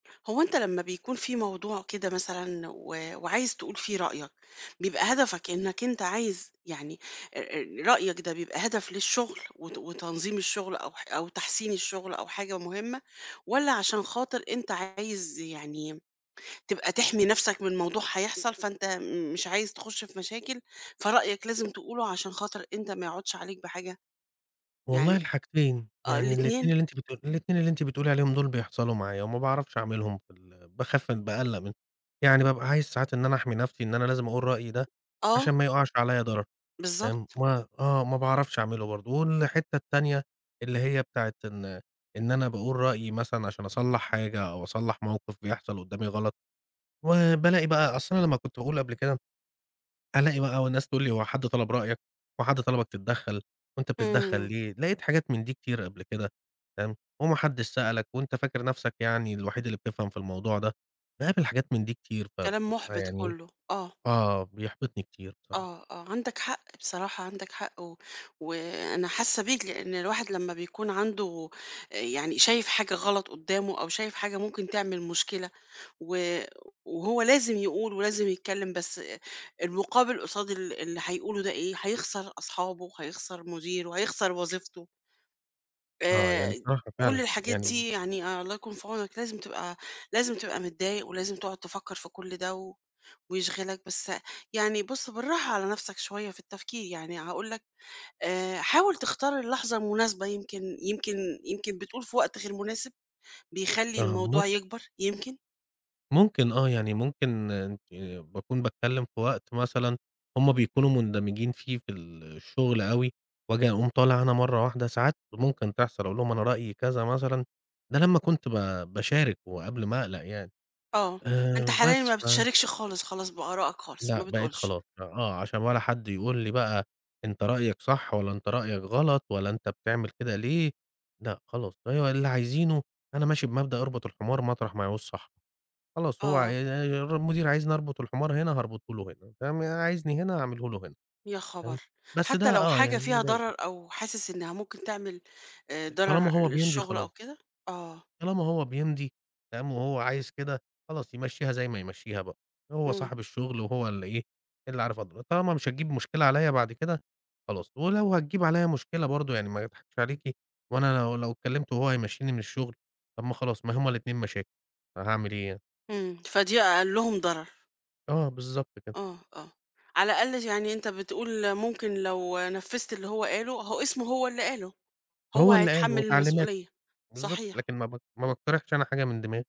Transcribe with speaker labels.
Speaker 1: هو أنت لما بيكون في موضوع كده مثلًا و وعايز تقول فيه رأيَك، بيبقى هدفك أنَّك أنت عايز يعني آآ رأيَك ده بيبقى هدف للشغل وت وتنظيم الشغل أو ح أو تحسين الشغل أو حاجة مهمَّة؟ والّا علشان خاطر أنت عايز يعني تبقى تِحمي نفْسَك من موضوع هيحصل فأنت مش عايز تخش في مشاكل فرأيَك لازم تقوله عشان خاطر أنت ما يعودش عليك بحاجة؟
Speaker 2: والله
Speaker 1: يعني
Speaker 2: الحاجتين،
Speaker 1: آه
Speaker 2: يعني الإتنين
Speaker 1: الإتنين؟
Speaker 2: اللي أنتِ بت الإتنين اللي أنتِ بتقولي عليهم دول بيحصلوا معايا وما باعرفش أعملهُم في ال باخاف بأقلق منهُم، يعني بابقى عايز ساعات إن أنا أحمِي نفْسي إن أنا لازم أقول رأيي ده
Speaker 1: آه.
Speaker 2: علشان ما يوقعش عليا ضرر تمام،
Speaker 1: بالضبط.
Speaker 2: ما آه ما باعرفش أعمله برضه والحتّة التانية اللي هي بتاعة إن إن أنا باقول رأيي مثلًا علشان أصلَّح حاجة أو أصلَّح موقف بيحصل قدامي غلط و بالاقي بقى أصل أنا لمّا كنت باقول قبل كده ألاقي بقى وناس تقول لي: "هو حد طلب رأيَك؟ هو حد طلبَك تتدخَّل؟ وأنت بتتدخَّل
Speaker 1: إمم.
Speaker 2: ليه؟" لقيت حاجات من دي كتيرة قبل كده تمام، "وما حدش سألَك وأنت فاكر نفْسَك يعني الوحيد اللي بتفْهم في الموضوع ده؟" باقابل حاجات من دي كتير
Speaker 1: كلام
Speaker 2: فبابقى
Speaker 1: مُحبِط
Speaker 2: يعني
Speaker 1: كله. آه.
Speaker 2: آه بيحبطني كتير بصراحة.
Speaker 1: آه، آه، عندَك حق بصراحة عندَك حق و وأنا حاسّة بيك؛ لأن الواحد لمّا بيكون عنده يعني شايف حاجة غلط قدّامه أو شايف حاجة ممكن تعمل مشكلة و وهو لازم يقول ولازم يتكلِم بس المُقابل قصاد ال اللي هيقوله ده إيه؟ هيخسر أصحابه وهيخسر مديره، هيخسر وظيفته.
Speaker 2: آه، يعني
Speaker 1: آآ
Speaker 2: بصراحة
Speaker 1: كل
Speaker 2: فعلًا
Speaker 1: الحاجات
Speaker 2: يعني
Speaker 1: دي! يعني الله يكون في عونك لازم تبقى لازم تبقى متضايق ولازم تقعد تفكَّر في كل ده ويشغلَك بس يعني بُص بالراحة على نفْسَك شويّة في التفكير، يعني هاقول لَك آآ حاول تختار اللحظة المناسبة يمكن يمكن يمكن بتقول في وقت غير مناسب بيخلّي
Speaker 2: آه مم
Speaker 1: الموضوع يكبَر؟ يمكن؟
Speaker 2: ممكن آه، يعني ممكن آآ باكون باتكلم في وقت مثلًا هُم بيكونوا مُندمجين فيه في الشغل أوي وآجي أقوم طالع أنا مرة واحدة ساعات ممكن تحصل، أقول لهُم أنا رأيي كذا مثلًا ده لمّا كنت ب باشارك وقبل ما أقلق يعني
Speaker 1: آه، أنت
Speaker 2: آآ
Speaker 1: حاليًا
Speaker 2: بس
Speaker 1: ما
Speaker 2: ف
Speaker 1: بتشاركش خالص خلاص بآرائك خالص ما
Speaker 2: لأ بقيت
Speaker 1: بتقولش.
Speaker 2: خلاص آه علشان ولا حد يقول لي بقى: "أنت رأيَك صح ولا أنت رأيَك غلط ولا أنت بتعمل كده ليه؟" لأ خلاص فهو اللي عايزينه أنا ماشي بمبدأ أربط الحمار مطرح ما يعوز صاحبه، خلاص هو ع
Speaker 1: آه.
Speaker 2: المدير عايزني أربط الحمار هنا هاربُطه له هنا تم عايزني هنا هاعمله له هنا
Speaker 1: يا
Speaker 2: تمام،
Speaker 1: خبر!
Speaker 2: بس ده
Speaker 1: حتى لو
Speaker 2: آه
Speaker 1: حاجة
Speaker 2: يعني
Speaker 1: فيها
Speaker 2: مضايقني.
Speaker 1: ضرر أو حاسس إنها ممكن تعمل آآ ضرر
Speaker 2: طالما هو بيمضي
Speaker 1: للشغل أو
Speaker 2: خلاص.
Speaker 1: كده؟ آه.
Speaker 2: طالما هو بيمضي تمام، وهو عايز كده خلاص يمشّيها زي ما يمشّيها بقى هو
Speaker 1: إمم.
Speaker 2: صاحب الشغل وهو اللي إيه! اللي عارف أضر طالما مش هتجيب مشكلة عليَّ بعد كده خلاص ولو هتجيّب عليَّ مشكلة برضه يعني ما أضحكش عليكِ وأنا لو لو كلمته وهو هيمشّيني من الشُغل طَب ما خلاص ما هُم الإتنين مشاكل، فهاعمل إيه يعني؟
Speaker 1: إمم فدي أقلهم ضرر.
Speaker 2: آه، بالضبط كده.
Speaker 1: آه، آه، على الأقل يعني أنت بتقول ممكن لو نفّذت اللي هو قاله هو اسمه هو اللي قاله هو
Speaker 2: هو اللي قال هو
Speaker 1: هيتحمل
Speaker 2: تعليماته.
Speaker 1: المسؤولية.
Speaker 2: بالضبط،
Speaker 1: صحيح.
Speaker 2: لكن ما ب ما باقترحش أنا حاجة من دماغي.